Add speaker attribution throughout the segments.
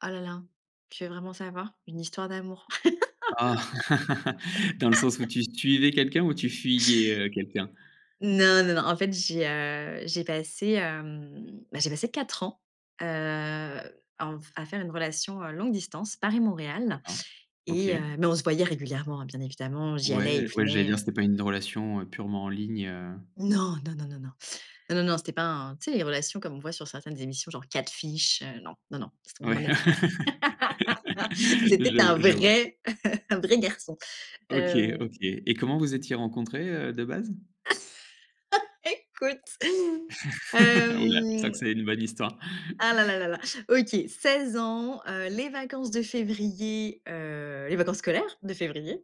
Speaker 1: Oh là là, tu veux vraiment savoir? Une histoire d'amour.
Speaker 2: Ah, dans le sens où tu suivais quelqu'un ou tu fuyais, heu, quelqu'un?
Speaker 1: Non, non, non, en fait, j'ai, heu, j'ai passé, hem, bah, j'ai passé 4 ans, heu, en f à faire une relation, heu, longue distance Paris-Montréal
Speaker 2: D'accord, OK.
Speaker 1: et heu, mais on se voyait régulièrement hein. Bien évidemment, j'y allais, il
Speaker 2: Ouais, ouais, j'allais
Speaker 1: venait,
Speaker 2: dire,
Speaker 1: heu.
Speaker 2: c'était pas une relation, heu, purement en ligne, heu.
Speaker 1: Non, non, non, non, non, non, non, c'était pas un tu sais, les relations comme on voit sur certaines émissions genre Catfish, heu, non, non, non, c'était on en
Speaker 2: Ouais,
Speaker 1: était pas la c'était
Speaker 2: je
Speaker 1: un
Speaker 2: v je vois.
Speaker 1: vrai un vrai garçon,
Speaker 2: OK,
Speaker 1: hem.
Speaker 2: OK et comment vous étiez rencontrés, heu, de base?
Speaker 1: Écoute,
Speaker 2: Ouh là, c'est vrai que
Speaker 1: hem.
Speaker 2: c'est une bonne histoire.
Speaker 1: Ah là là là là, OK, 16 ans, heu, les vacances de février, heu, les vacances scolaires de février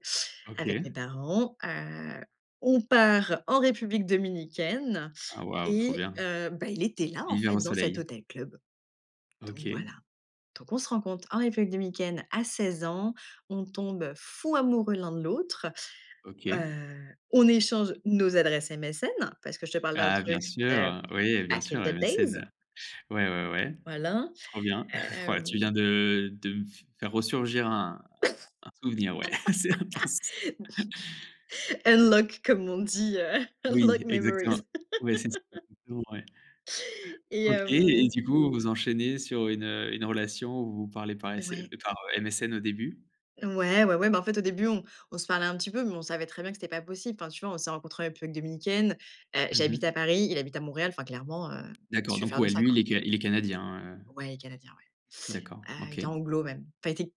Speaker 1: avec mes
Speaker 2: OK.
Speaker 1: parents, heu, on part en République Dominicaine
Speaker 2: Ah wow, trop
Speaker 1: et
Speaker 2: bien!
Speaker 1: heu, bah, il était là, en
Speaker 2: L'hiver
Speaker 1: fait,
Speaker 2: au
Speaker 1: dans cet
Speaker 2: soleil.
Speaker 1: hôtel club, donc
Speaker 2: OK.
Speaker 1: voilà, donc on se rencontre en République Dominicaine à 16 ans, on tombe fou amoureux l'un de l'autre,
Speaker 2: OK.
Speaker 1: heu, on échange nos adresses MSN parce que je te parle d'un
Speaker 2: Ah bien
Speaker 1: truc, heu,
Speaker 2: sûr, oui, bien
Speaker 1: back in
Speaker 2: sûr,
Speaker 1: the days.
Speaker 2: MSN. Ouais, ouais, ouais,
Speaker 1: Voilà,
Speaker 2: trop bien. Waouh! Tu
Speaker 1: hem.
Speaker 2: viens de de me f faire resurgir un un souvenir, ouais, c'est intense.
Speaker 1: «Unlock», comme on dit, heu,
Speaker 2: Oui
Speaker 1: «unlock
Speaker 2: exactement,
Speaker 1: memories».
Speaker 2: ouais, c'est, [unintelligible] ouais.
Speaker 1: Et
Speaker 2: OK et
Speaker 1: hem
Speaker 2: du coup, vous enchaînez sur une, heu, une relation où vous parlez par
Speaker 1: Heu,
Speaker 2: SM
Speaker 1: ouais.
Speaker 2: par, heu, MSN, au début.
Speaker 1: Ouais, ouais, ouais, bah, en fait, au début, on on se parlait un petit peu, mais on savait très bien que c'était pas possible. Enfin, tu vois, on s'est rencontré en République Dominicaine, heu,
Speaker 2: Mmh
Speaker 1: j'habite
Speaker 2: mh.
Speaker 1: à Paris, il habite à Montréal. Enfin clairement, heu, qu'est-ce
Speaker 2: D'accord
Speaker 1: tu veux
Speaker 2: donc
Speaker 1: faire de
Speaker 2: ouais,
Speaker 1: ça,
Speaker 2: lui,
Speaker 1: quoi?
Speaker 2: il est ca il est canadien, heu.
Speaker 1: Ouais, il est Canadien,
Speaker 2: D'accord,
Speaker 1: ouais. Heu, il était
Speaker 2: OK.
Speaker 1: anglo même enfin, il était,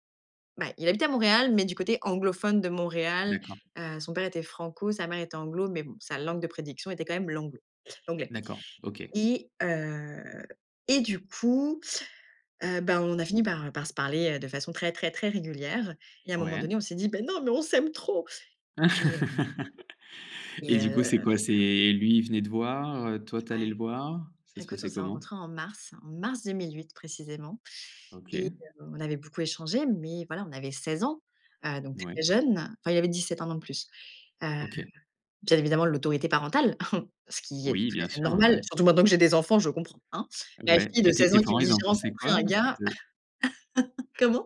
Speaker 1: bah, il habitait à Montréal, mais du côté anglophone de Montréal,
Speaker 2: D'accord.
Speaker 1: heu, son père était franco, sa mère était anglo mais bon, sa langue de prédiction était quand même l'anglo, l'anglais,
Speaker 2: D'accord, OK.
Speaker 1: et heu, et du coup, heu, bah, on a fini par, heu, par se parler, heu, de façon très, très, très régulière, et à un moment donné,
Speaker 2: Ouais.
Speaker 1: on s'est dit: «Mais non, mais on s'aime trop», et hem
Speaker 2: Et
Speaker 1: et
Speaker 2: du coup,
Speaker 1: heu,
Speaker 2: c'est
Speaker 1: voilà.
Speaker 2: quoi? C'est lui, il venait te voir, heu, toi tu es allée le
Speaker 1: Ouais.
Speaker 2: voir? Ça se
Speaker 1: Écoute, on
Speaker 2: passait
Speaker 1: s'est
Speaker 2: comment?
Speaker 1: rencontré en mars, en mars 2008 précisément et
Speaker 2: OK.
Speaker 1: heu, on avait beaucoup échangé mais voilà, on avait 16 ans, heu, donc
Speaker 2: Ouais.
Speaker 1: très jeunes, enfin, il avait 17, 1 an de plus, heu,
Speaker 2: OK.
Speaker 1: bien évidemment l'autorité parentale, ce qui est
Speaker 2: Oui,
Speaker 1: tout à
Speaker 2: bien
Speaker 1: fait
Speaker 2: sûr,
Speaker 1: normal,
Speaker 2: ouais.
Speaker 1: surtout maintenant que j'ai des enfants, je comprends, hein. Ma
Speaker 2: Ouais
Speaker 1: fille de
Speaker 2: et tes
Speaker 1: 16
Speaker 2: tes
Speaker 1: ans qui
Speaker 2: parents,
Speaker 1: me dit:
Speaker 2: ils en
Speaker 1: «J'ai
Speaker 2: pensaient
Speaker 1: rencontré
Speaker 2: quoi?
Speaker 1: un gars».
Speaker 2: De
Speaker 1: Comment?